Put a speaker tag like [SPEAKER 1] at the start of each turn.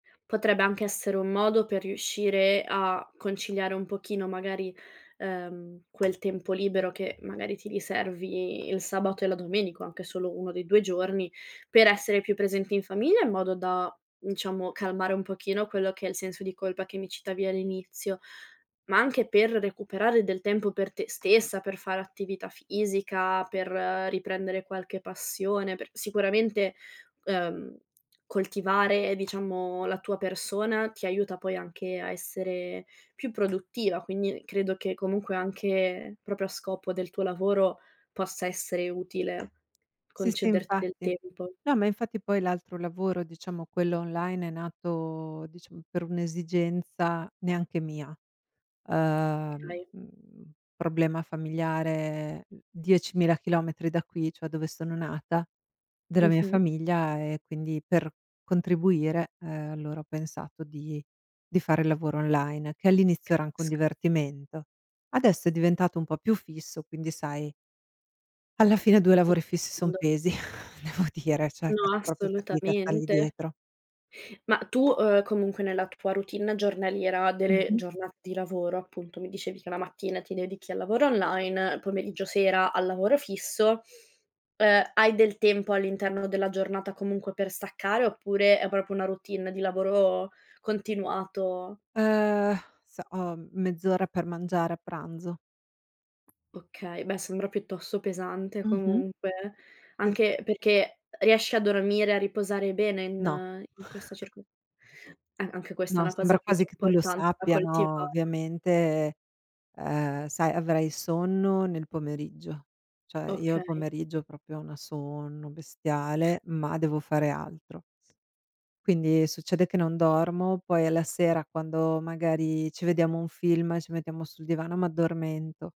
[SPEAKER 1] Potrebbe anche essere un modo per riuscire a conciliare un pochino, magari, ehm, quel tempo libero che magari ti riservi il sabato e la domenica, o anche solo uno dei 2 giorni, per essere più presenti in famiglia in modo da, diciamo, calmare un pochino quello che è il senso di colpa che mi citavi all'inizio, ma anche per recuperare del tempo per te stessa, per fare attività fisica, per riprendere qualche passione, per sicuramente, uhm, coltivare, diciamo, la tua persona, ti aiuta poi anche a essere più produttiva, quindi credo che comunque anche, proprio a scopo del tuo lavoro, possa essere utile
[SPEAKER 2] Sì, sì
[SPEAKER 1] concederti del
[SPEAKER 2] infatti.
[SPEAKER 1] tempo.
[SPEAKER 2] No, ma infatti poi l'altro lavoro, diciamo quello online, è nato, diciamo per un'esigenza neanche mia. Uhm,
[SPEAKER 1] Okay.
[SPEAKER 2] mhmm, problema familiare, mhmm, 10.000 chilometri da qui, cioè dove sono nata, della mia
[SPEAKER 1] Mh-mh.
[SPEAKER 2] famiglia e quindi per contribuire, ehm, allora ho pensato di di fare lavoro online, che all'inizio era anche un
[SPEAKER 1] Capisco.
[SPEAKER 2] divertimento. Adesso è diventato un po' più fisso, quindi sai alla fine 2 lavori fissi
[SPEAKER 1] [unintelligible]
[SPEAKER 2] son
[SPEAKER 1] quando
[SPEAKER 2] pesi, devo dire, cioè
[SPEAKER 1] No,
[SPEAKER 2] faccio proprio fatica a stargli
[SPEAKER 1] assolutamente.
[SPEAKER 2] dietro.
[SPEAKER 1] Ma, uhm, tu, uhm, comunque nella tua routine giornaliera, delle
[SPEAKER 2] Mh-mh.
[SPEAKER 1] giornate di lavoro, appunto, mi dicevi che la mattina ti dedichi al lavoro online, il pomeriggio sera al lavoro fisso. Uhm, hai del tempo all'interno della giornata comunque per staccare oppure è proprio una routine di lavoro continuato?
[SPEAKER 2] Ehm, sa ho mezz'ora per mangiare a pranzo.
[SPEAKER 1] Okay, beh sembra piuttosto pesante
[SPEAKER 2] Mh-mh.
[SPEAKER 1] comunque, anche
[SPEAKER 2] [unintelligible]
[SPEAKER 1] perché riesci a dormire, a riposare bene
[SPEAKER 2] No.
[SPEAKER 1] in in questa circo eh, anche questa è
[SPEAKER 2] No,
[SPEAKER 1] una cosa
[SPEAKER 2] sembra quasi
[SPEAKER 1] molto
[SPEAKER 2] che tu lo
[SPEAKER 1] importante da
[SPEAKER 2] sappia, no,
[SPEAKER 1] coltivare.
[SPEAKER 2] ovviamente, uhm, sai, avrai sonno nel pomeriggio. Cioè io al
[SPEAKER 1] Okay.
[SPEAKER 2] pomeriggio proprio ho una sonno bestiale, ma devo fare altro. Quindi succede che non dormo, poi alla sera quando magari ci vediamo un film, ci mettiamo sul divano, m'addormento.